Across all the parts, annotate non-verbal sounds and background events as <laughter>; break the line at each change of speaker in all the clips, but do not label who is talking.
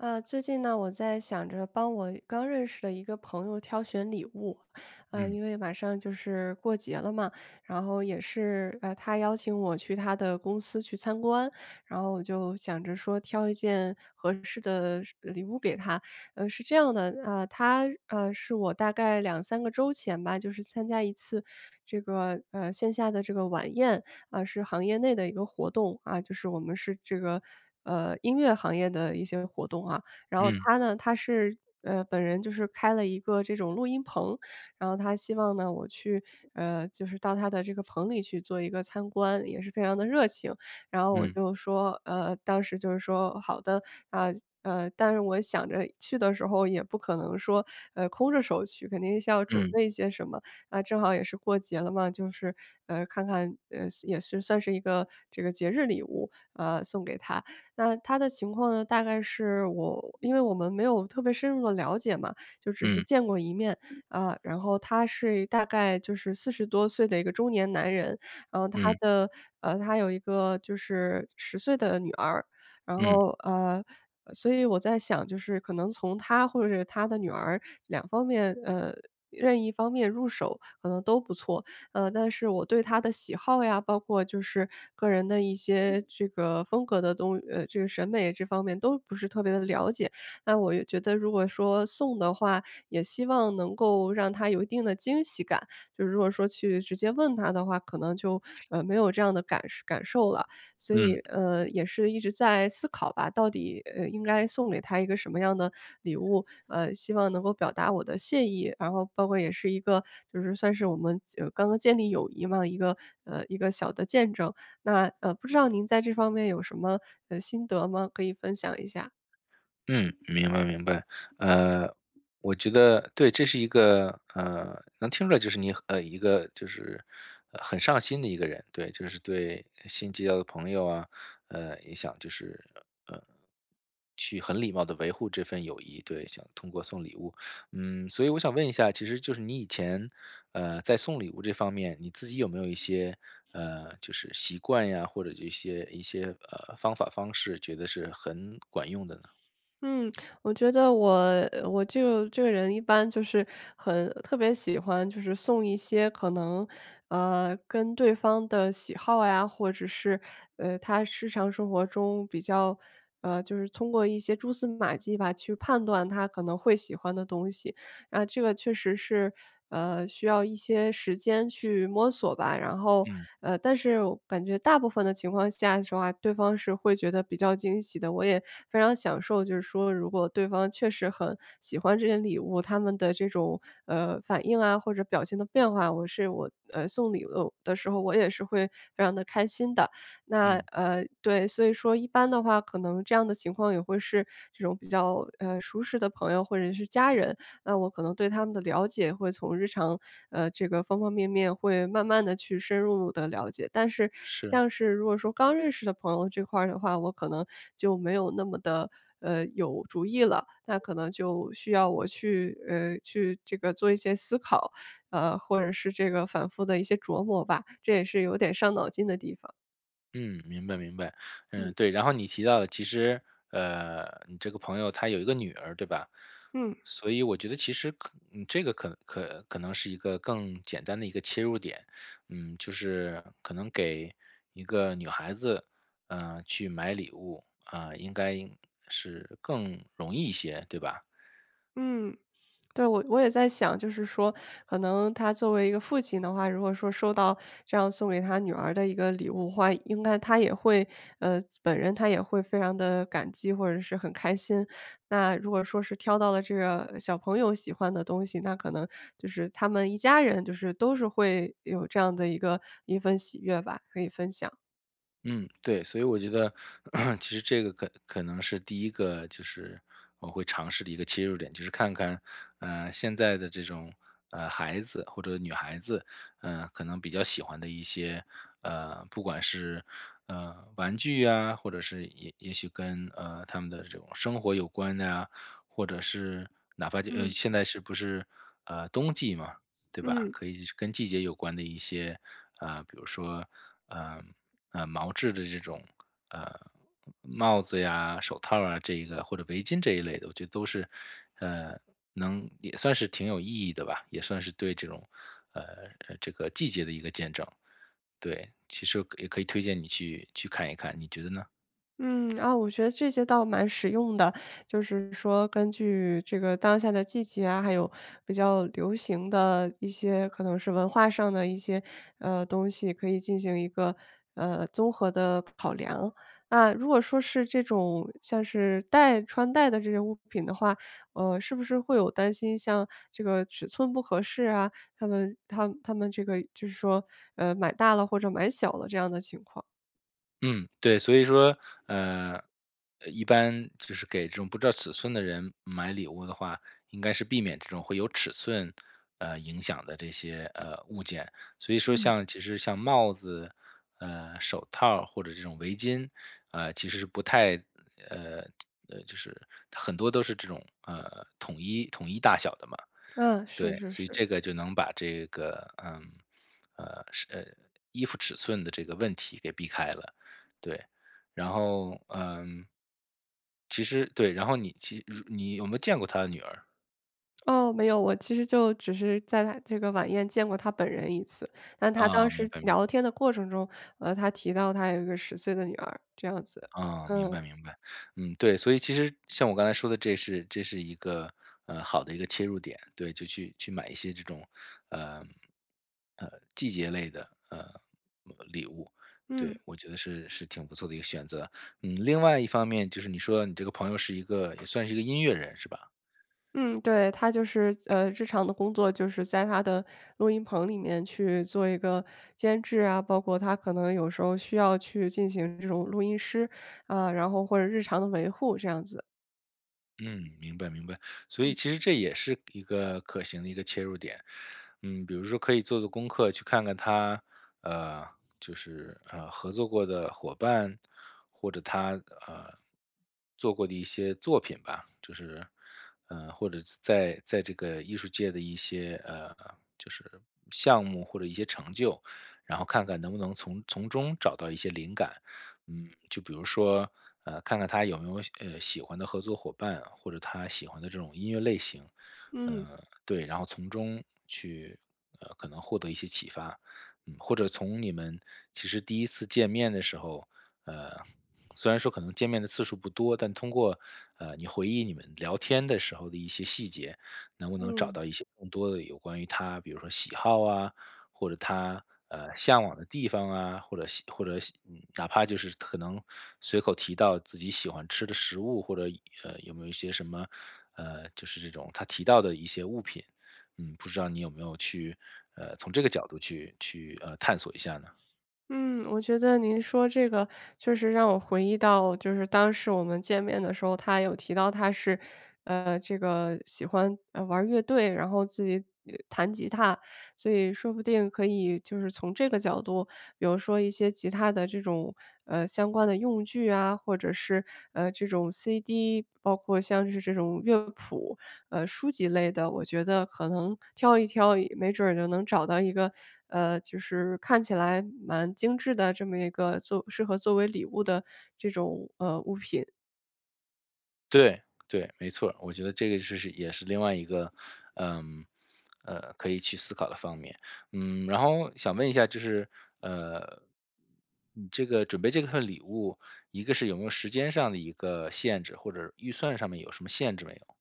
呃，最近呢，我在想着帮我刚认识的一个朋友挑选礼物，呃，
嗯。
因为马上就是过节了嘛，然后也是，呃，他邀请我去他的公司去参观，然后我就想着说挑一件合适的是呃，礼物给他。呃，是这样的，呃，他，呃，是我大概2-3个周前吧，就是参加一次这个，呃，线下的这个晚宴，啊，是行业内的一个活动，啊，就是我们是这个，呃，音乐行业的一些活动啊，然后
嗯。
他呢，他是，呃，本人就是开了一个这种录音棚，然后他希望呢，我去，呃，就是到他的这个棚里去做一个参观，也是非常得热情，然后我
嗯。
就说，呃，当时就是说好的。呃，呃，但是我想着去的时候也不可能说，呃，空着手去，肯定是要准
嗯。
备一些什么，啊，正好也是过节了嘛，就是，呃，看看，呃，也是算是一个这个节日礼物，呃，送给他。那他的情况呢，大概是我因为我们没有特别深入地了解嘛，就只是
嗯。
见过一面，呃，然后他是一大概就是40多岁的一个中年男人，然后他
嗯。
的，呃，他有一个就是10岁的女儿，然
嗯。
后，呃，所以我在想就是可能从他，或者是他的女儿2方面，呃，任一方面入手可能都不错。呃，但是我对他的喜好呀，包括就是个人的一些这个风格的东，呃，这个审美这方面都不是特别地了解，那我也觉得如果说送的话，也希望能够让他有一定的惊喜感，就是如果说去直接问他的话，可能就，呃，没有这样的感受感受了，所以，
嗯。
呃，也是一直在思考吧，到底，呃，应该送给他一个什么样的礼物，呃，希望能够表达我的谢意，然后包括也是一个就是算是我们就刚刚建立友谊嘛，一个，呃，一个小的见证。那，呃，不知道您在这方面有什么，呃，心得吗？可以分享一下。
嗯，明白明白，呃，我觉得对，这是一个，呃，能听出来就是你一个就是很上心的一个人。对，就是对新结交的朋友啊，呃，也想就是，呃，去很礼貌地维护这份友谊，对，想通过送礼物。嗯，所以我想问一下，其实就是你以前，呃，在送礼物这方面，你自己有没有一些，呃，就是习惯呀，或者一些一些，呃，方法方式觉得是很管用的呢？
嗯，我觉得我我就这个人一般就是很特别喜欢就是送一些可能，呃，跟对方的喜好呀，或者是，呃，他日常生活中比较，呃，就是通过一些蛛丝马迹吧，去判断他可能会喜欢的东西。那这个确实是，呃，需要一些时间去摸索吧，然后，
嗯。
呃，但是我感觉大部分的情况下的话，对方是会觉得比较惊喜的，我也非常享受就是说如果对方确实很喜欢这些礼物，他们的这种，呃，反应啊，或者表情的变化，我是我，呃，送礼物的时候我也是会非常得开心的。那，
嗯。
呃对，所以说一般的话可能这样的情况也会是这种比较，呃，舒适的朋友或者是家人，那我可能对他们的了解会从日常，呃，这个方方面面会慢慢地去深入的了解。但是
是。
像是如果说刚认识的朋友这块的话，我可能就没有那么得，呃，有主意了，那可能就需要我去，呃，去这个做一些思考，呃，或者是这个反复的一些琢磨吧，这也是有点伤脑筋的地方。
嗯，明白明白。嗯，
嗯。
对，然后你提到的其实，呃，你这个朋友他有一个女儿对吧？
嗯。
所以我觉得其实可这个可可可能是一个更简单的一个切入点。嗯，就是可能给一个女孩子，呃，去买礼物，啊，应该是更容易一些，对吧？
嗯，对。我我也在想，就是说可能他作为一个父亲的话，如果说收到这样送给他女儿的一个礼物的话，应该他也会呃，本人他也会非常地感激，或者是很开心。那如果说是挑到了这个小朋友喜欢的东西，那可能就是他们一家人就是都是会有这样的一个一份喜悦吧，可以分享。
嗯，对。所以我觉得 <clears throat> 其实这个可可能是第1个就是我会尝试的一个切入点，就是看看，呃，现在的这种呃，孩子或者女孩子，呃，可能比较喜欢的一些呃，不管是，呃，玩具呀，或者是也也许跟，呃，他们的这种生活有关的呀，或者是哪怕就呃，
嗯。
现在是不是，呃，冬季嘛，对吧？
嗯。
可以跟季节有关的一些，呃，比如说，呃呃，毛制的这种，呃，帽子呀，手套儿啊这一个，或者围巾这一类的，我觉得都是，呃，能也算是挺有意义的吧。也算是对这种，呃，这个季节的一个见证，对。其实也可以推荐你去去看一看，你觉得呢？
嗯。啊，我觉得这些倒蛮实用的，就是说根据这个当下的季节啊，还有比较流行的一些可能是文化上的一些，呃，东西，可以进行一个，呃，综合的考量。那如果说是这种，像是戴穿戴的这些物品的话，呃，是不是会有担心像这个尺寸不合适啊，它们它们它们这个就是说，呃，买大了或者买小了这样的情况？
嗯，对。所以说，呃，一般就是给这种不知道尺寸的人买礼物的话，应该是避免这种会有尺寸，呃，影响的这些，呃，物件。所以说
嗯。
像其实像帽子，呃，手套儿或者这种围巾，呃，其实是不太，呃，呃，就是很多都是这种，呃，统一统一大小的嘛，
嗯，是
对，
是
所以
是。
这个就能把这个，呃，呃，呃，衣服尺寸的这个问题给避开了，对。然后，呃，其实对，然后你其你有没有见过他的女儿？
哦，没有，我其实就只是在他这个晚宴见过他本人1次，那他当
嗯，明
时
白明白。
聊天的过程中，呃，他提到他有一个10岁的女儿，这样子。
啊，明
嗯。
白明白。嗯，对，所以其实像我刚才说的这是这是一个，呃，好的一个切入点，对，就去去买一些这种，呃，呃，季节类的，呃，礼物，
嗯。
对，我觉得是是挺不错的一个选择。嗯，另外一方面就是你说到你这个朋友是一个也算是一个音乐人是吧？
嗯，对，他就是，呃，日常的工作就是在他的录音棚里面去做一个监制啊，包括他可能有时候需要去进行这种录音师，啊，然后或者日常的维护这样子。
嗯，明白明白。所以
嗯。
其实这也是一个可行的一个切入点，嗯，比如说可以做做功课去看看他，呃，就是，呃，合作过的伙伴，或者他，呃，做过的一些作品吧，就是，呃，或者在在这个艺术界的一些，呃，就是项目或者一些成就，然后看看能不能从从中找到一些灵感。嗯，就比如说，呃，看看他有没有，呃，喜欢的合作伙伴啊，或者他喜欢的这种音乐类型。
嗯。
嗯，对，然后从中去，呃，可能获得一些启发，嗯，或者从你们其实第1次见面的时候，呃，虽然说可能见面的次数不多，但通过，呃，你回忆你们聊天的时候的一些细节，能不能找
嗯。
到一些更多的有关于他比如说喜好啊、或者他，呃，向往的地方啊、或者或者嗯，哪怕就是可能随口提到自己喜欢吃的食物、或者，呃，有没有一些什么，呃，就是这种他提到的一些物品。嗯，不知道你有没有去，呃，从这个角度去去，呃，探索一下呢？
嗯，我觉得您说这个确实让我回忆到就是当时我们见面的时候，他有提到他是，呃，这个喜欢，呃，玩乐队，然后自己弹吉他，所以说不定可以就是从这个角度，比如说一些吉他的这种，呃，相关的用具啊，或者是，呃，这种 CD，包括像是这种乐谱，呃，书籍类的，我觉得可能挑一挑，没准儿也能找到一个，呃，就是看起来蛮精致的这么一个做适合作为礼物的这种，呃，物品。
对，对，没错。我觉得这个就是也是另外一个，嗯，呃，可以去思考的方面。嗯，然后想问一下就是，呃嗯，这个准备这份礼物，一个是有没有时间上的一个限制或者预算上面有什么限制没有？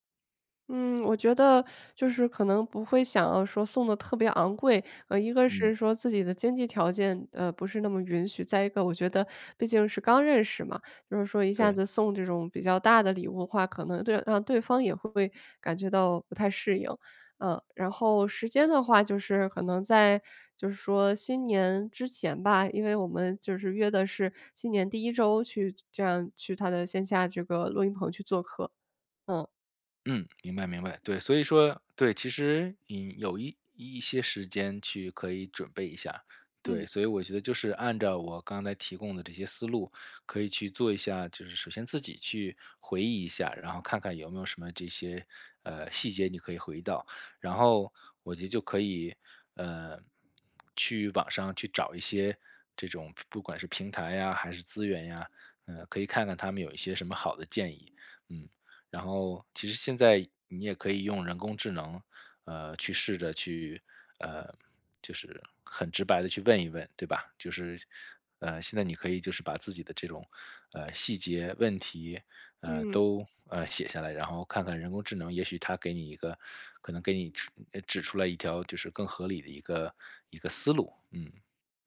嗯，我觉得 <sucks teeth> 就是可能不会想要说送得特别昂贵。呃，一个
嗯。
是说自己的经济条件呃，不是那么允许，再一个我觉得毕竟是刚认识嘛，就是说一下
对。
子送这种比较大的礼物的话，可能对让对方也会感觉到不太适应，呃。然后时间的话就是可能在就是说新年之前吧，因为我们就是约的是新年第1周去这样去他的线下这个录音棚去做客。嗯。
嗯，明白明白，对。所以说对，其实引有一一些时间去可以准备一下，对，
嗯。
所以我觉得就是按照我刚才提供的这些思路可以去做一下。就是首先自己去回忆一下，然后看看有没有什么这些，呃，细节，你可以回忆到。然后我觉得就可以，呃，去网上去找一些这种不不管是平台呀还是资源呀，呃，可以看看他们有一些什么好的建议，嗯。然后其实现在你也可以用人工智能，呃，去试着去，呃，就是很直白地去问一问，对吧？就是呃，现在你可以就是把自己的这种，呃，细节问题，呃，
嗯。
都呃，写下来，然后看看人工智能，也许它给你一个可能给你指诶，指出了一条就是更合理的一个一个思路，嗯。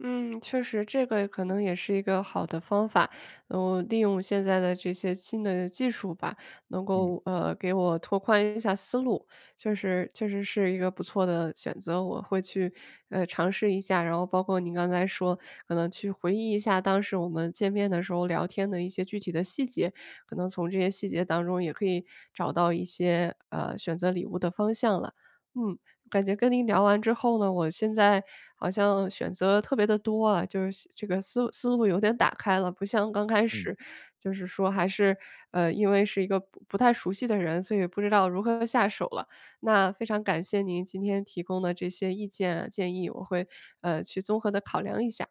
嗯，确实这个可能也是一个好的方法。嗯，利用现在的这些新的技术吧，能
嗯。
够，呃，给我拓宽一下思路，就是确实是一个不错的选择，我会去，呃，尝试一下。然后包括您刚才说可能去回忆一下当时我们见面的时候聊天的一些具体的细节，可能从这些细节当中也可以找到一些，呃，选择礼物的方向了。嗯，感觉跟您聊完之后呢，我现在好像选择特别地多啊，就是现这个思思路有点打开了，不像刚开
嗯。
始就是说还是，呃，因为是一个不不太熟悉的人，所以不知道如何下手了。那非常感谢您今天提供的这些意见、建议，我会，呃，去综合地考量一下。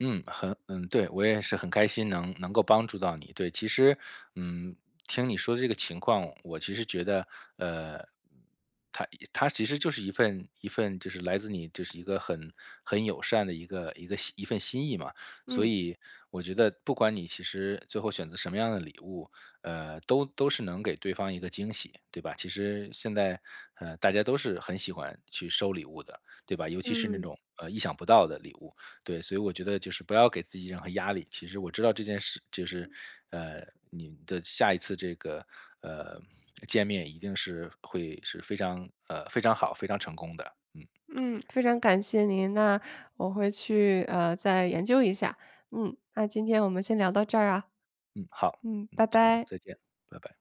嗯，很嗯对。我也是很开心能能够帮助到你，对。其实，嗯，听你说的这个情况，我其实觉得，呃，嗯，它它其实就是一份一份就是来自你就是一个很很友善的一个一个一份心意嘛。所
嗯。
以我觉得不管你其实最后选择什么样的礼物，呃，都都是能给对方一个惊喜，对吧？其实现在，呃，大家都是很喜欢去收礼物的，对吧？尤其是那
嗯。
种，呃，意想不到的礼物，对。所以我觉得就是不要给自己任何压力，其实我知道这件事就是，呃，你的下一次这个，呃见面一定是会是非常呃，非常好、非常成功的。嗯。
嗯，非常感谢您。那我会去，呃，再研究一下。嗯，那今天我们先聊到这儿啊。
嗯，好。
嗯，
嗯，
拜
加油。
拜。
再见，拜拜。